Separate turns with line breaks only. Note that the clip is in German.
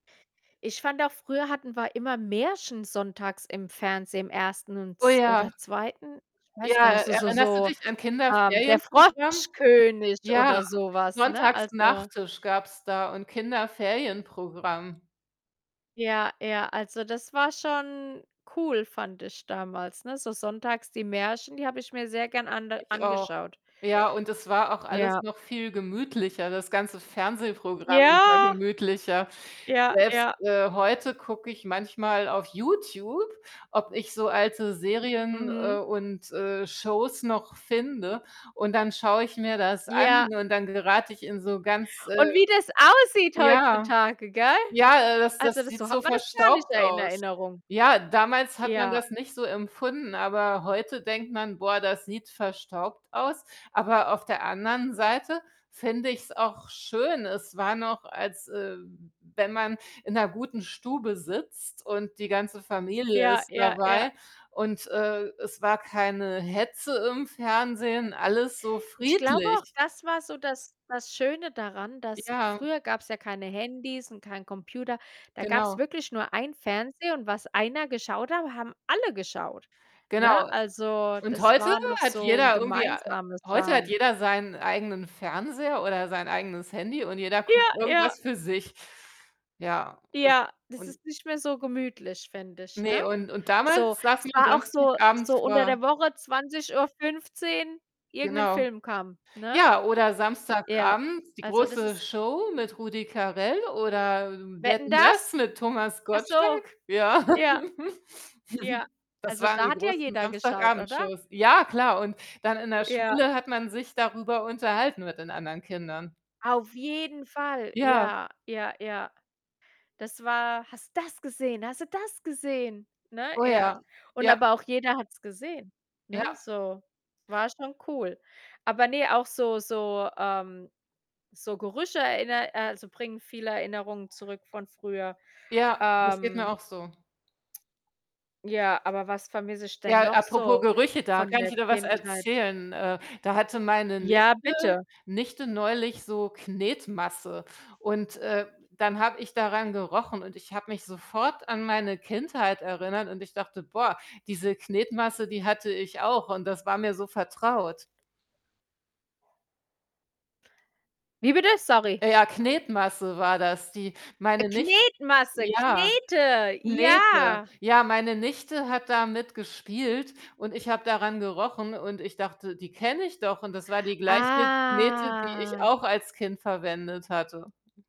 Ich fand auch, früher hatten wir immer Märchen sonntags im Fernsehen, im Ersten
Oh
uns
ja.
oder Zweiten. Ich weiß
Ja,
gar nicht, so so
erinnerst du
so
dich an
ähm, der
Kinderferienprogramm?
Froschkönig
Ja,
oder so was, ne?
Sonntags
Also
Nach-Tisch gab's da und Kinderferienprogramm.
Ja, ja, also das war schon cool, fand ich damals, ne? So sonntags die Märchen, die habe ich mir sehr gern ande
Ich auch.
angeschaut.
Ja, und es war auch alles
Ja.
noch viel gemütlicher, das ganze Fernsehprogramm war
Ja.
gemütlicher.
Ja,
Selbst,
ja.
äh, heute gucke ich manchmal auf YouTube, ob ich so alte Serien, äh,
Mhm.
und, äh, Shows noch finde, und dann schaue ich mir das an
Ja.
und dann gerate ich in so ganz,
Und
äh
wie das aussieht
ja.
heutzutage, gell?
Ja, äh, das das
Also das
sieht
so
so
hat man das gar nicht
verstaubt
er in
aus.
Erinnerung.
Ja, damals hat man
Ja.
das nicht so empfunden, aber heute denkt man: „Boah, das sieht verstaubt aus”, aber auf der anderen Seite finde ich's auch schön. Es war noch, als, ähm, wenn man in 'ner guten Stube sitzt und die ganze Familie
Ja,
ist
ja, ja.
dabei und, äh, es war keine Hetze im Fernsehen, alles so
Ich glaube auch,
friedlich.
das war so das das Schöne daran, dass
Ja.
früher gab's ja keine Handys und keinen Computer, da gab's
Genau.
wirklich nur einen Fernseher und was einer geschaut hat, haben alle geschaut, ne?
Genau,
Also
und
das
heute
war noch
hat
so 'n
jeder irgendwie ei
gemeinsames
heute hat
Schauen.
jeder seinen eigenen Fernseher oder sein eigenes Handy und jeder guckt
Ja, ja.
irgendwas für sich. Ja, und
Ja, das
und
ist nicht mehr so gemütlich, finde ich,
Ne,
ne?
und und
So,
damals
es
saßen
war auch
[unintelligible]
so
Samstagabend
so unter
vor
der Woche 20:15 irgend 'nen
Genau.
Film kam, ne?
Ja, oder
Ja,
Samstagabend die
also das ist
große Show mit Rudi Carell oder
„Wetten,
„Wetten,
dass?“
dass“ mit Thomas
Ach so.
Gottschalk? Ja.
Ja, Ja.
Das
Also,
waren
da
die
hat ja
großen
jeder geschaut, oder?
Samstagabend-Shows. Ja, klar, und dann in der
Ja.
Schule hat man sich darüber unterhalten mit den anderen Kindern.
Auf jeden Fall,
Ja.
ja, ja, ja. Das war: „Hast du das gesehen? Hast du das gesehen?“ Ne?
Oh
Ja,
ja.
und
Ja.
aber auch jeder hat's gesehen,
Ja.
ne? So, war schon cool. Aber ne, auch so so, ähm so Gerüche erinner äh, also bringen viele Erinnerungen zurück von früher.
Ja, das geht mir
Ähm
auch so.
ja, aber was vermisse ich denn
Ja,
noch
apropos
so
Gerüche, da
von
kann ich
der
wieder was
Kindheit?
erzählen. Äh, da hatte meine
Ja,
Nichte
bitte.
Nichte neulich so Knetmasse und, äh, dann habe ich daran gerochen und ich habe mich sofort an meine Kindheit erinnert und ich dachte: „Boah, diese Knetmasse, die hatte ich auch und das war mir so vertraut.”
Wie bitte? Sorry.
Ja, Knetmasse war das, die
Äh,
meine Nich
Knetmasse,
ja.
Knete,
Knete.
ja.
Ja, meine Nichte hat damit gespielt und ich habe daran gerochen und ich dachte: „Die kenne ich doch“ und das war die gleiche Knete, die ich
Ah.
auch als Kind verwendet hatte.